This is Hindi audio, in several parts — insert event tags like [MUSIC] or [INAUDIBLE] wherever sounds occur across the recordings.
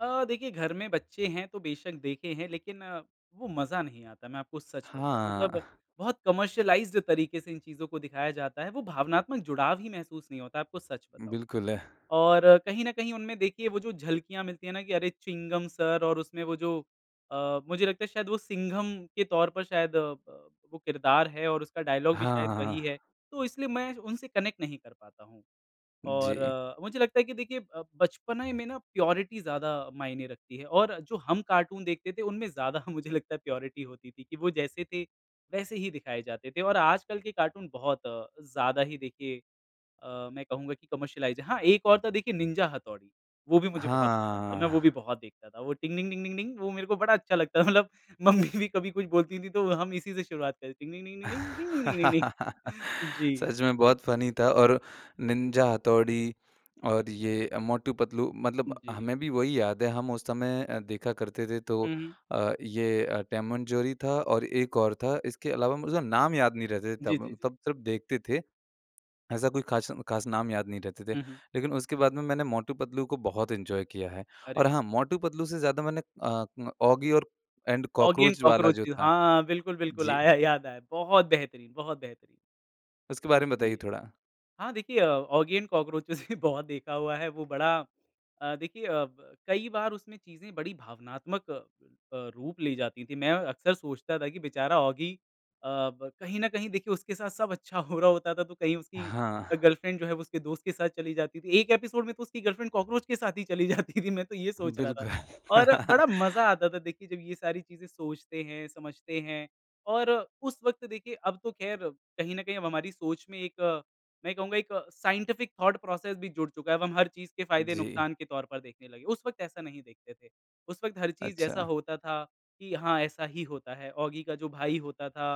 अ, देखिए घर में बच्चे हैं तो बेशक़ देखे हैं लेकिन अ, वो मज़ा नहीं आता, मैं आपको सच बताऊँ। मतलब हाँ। बहुत कमर्शियलाइज़्ड तरीके से इन चीज़ों को दिखाया जाता है, वो भावनात्मक जुड़ाव ही महसूस नहीं होता है, आपको सच बताऊँ। बिल्कुल अह और कहीं न कहीं उनमें देखिए वो जो झलकियाँ मिलती है ना कि अरे चिंघम सिर और उसमें वो जो अ, मुझे लगता है शायद वो सिंघम के तौर पर शायद अ, ब वो किरदार है और उसका डायलॉग भी हाँ, शायद वही हाँ। है। तो इसलिए मैं उनसे कनेक्ट नहीं कर पाता हूँ। और जी। अ, मुझे लगता है कि देखिए अब बचपने में ना प्योरिटी ज़्यादा मायने रखती है और जो हम कार्टून देखते थे उनमें ज़्यादा मुझे लगता है प्योरिटी होती थी कि वो जैसे थे वैसे ही दिखाए जाते थे। और आजकल के कार्टून बहुत अ, ज़्यादा ही देखिए अ, मैं कहूँगा कि कमर्शियलाइज़्ड हाँ, एक और था देखिए निंजा हथौड़ी। वो भी मुझे बहुत पसंद था, मैं वो भी हाँ। बहुत देखता था। वो टिंग डिंग डिंग डिंग डिंग, वो मेरे को बड़ा अच्छा लगता, मतलब मम्मी भी कभी कुछ बोलती थी तो हम इसी से शुरुआत करें टिंग डिंग डिंग डिंग डिंग, टिंग डिंग डिंग डिंग [LAUGHS] डिंग। जी। सच में बहुत फ़नी था। और निंजा हथौड़ी और ये मोटू-पतलू उ, मतलब जी। हमें भी वही याद है हम उस समय अ, देखा करते थे। तो हुँ, हुँ। अ, ये टॉम एंड जेरी था और एक और था। इसके अलावा मुझे नाम याद नहीं रहते थे, जी, तब जी, म जी। तब तब देखते थे। ऐसा कोई ख़ास म ख़ास नाम याद नहीं रहते थे। हुँ, हुँ। लेकिन उसके बाद में मैंने मोटू-पतलू को बहुत एन्जॉय किया है। अरे और वाह! हाँ, मोटू पतलू से ज़्यादा मैंने अ, औगी और एंड औगी एंड कॉकरोच वाला कॉकरोच जो भी। था हाँ, बिल्कुल, बिल्कुल। जी। आया, याद आया। बहुत बेहतरीन बहुत बेहतरीन। उसके हुँ बारे में बताइए जी। थोड़ा। हाँ, देखिए औगी एंड कॉकरोचेस भी बहुत देखा हुआ है। वो बड़ा अ, देखिए अ, ब कई बार उसमें चीज़ें बड़ी भावनात्मक अ, रूप ली जाती थी। मैं अक्सर सोचता था कि बेचारा औगी अ, ब कहीं न कहीं देखिए उसके साथ सब अच्छा हो रहा होता था तो कहीं उसकी हाँ। गर्लफ्रेंड जो है उसके दोस्त के साथ चली जाती थी। एक एपिसोड में तो उसकी गर्लफ्रेंड, कॉकरोच के साथ ही चली जाती थी, मैं तो ये सोच रहा था। बिल्कुल। और बड़ा मज़ा आता था देखिए जब ये सारी चीज़ें सोचते हैं, समझते हैं। और उस वक़्त देखिए अब तो ख़ैर कहीं न कहीं अब हमारी सोच में एक मैं कहूँगा एक साइंटिफ़िक थॉट प्रोसेस भी जुड़ चुका है। अब हम हर चीज़ के फ़ायदे जी। नुकसान के तौर पर देखने लगे। उस वक़्त ऐसा नहीं देखते थे। उस वक़्त हर चीज़ जैसा अच्छा। होता था कि हाँ ऐसा ही होता है। औगी का जो भाई होता था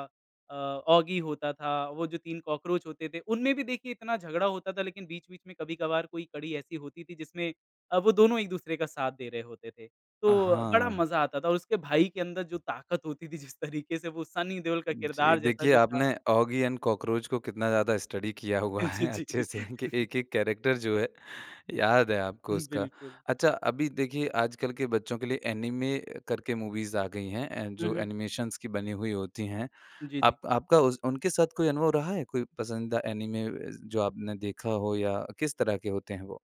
अ, औगी होता था वो जो 3 कॉकरोच होते थे उनमें भी देखिए इतना झगड़ा होता था लेकिन बीच-बीच में कभी-कभार कोई कड़ी ऐसी होती थी जिसमें अ, वो दोनों एक दूसरे का साथ दे रहे होते थे। अ, तो बड़ा हाँ। मज़ा आता था। और उसके भाई के अंदर जो ताकत होती थी जिस तरीके से वो सनी देओल का जी, किरदार जैसा देखिए जो था आपने औगी एंड कॉकरोच को कितना ज़्यादा स्टडी किया हुआ जी, है जी। अच्छे से कि एक-एक कैरेक्टर जो है, याद है, आपको [CHUCKLES] उसका। बिल्कुल। अच्छा अभी देखिए आजकल के बच्चों के लिए ऐनिमे करके मूवीज़ आ गई हैं, हुँ, जो हुँ। एनिमेशन्स की बनी हुई होती हैं। जी, जी। आप आपका उस उनके साथ कोई अनुभव रहा है? कोई पसंदीदा ऐनिमे अ, जो आपने देखा हो या किस तरह के होते हैं वो?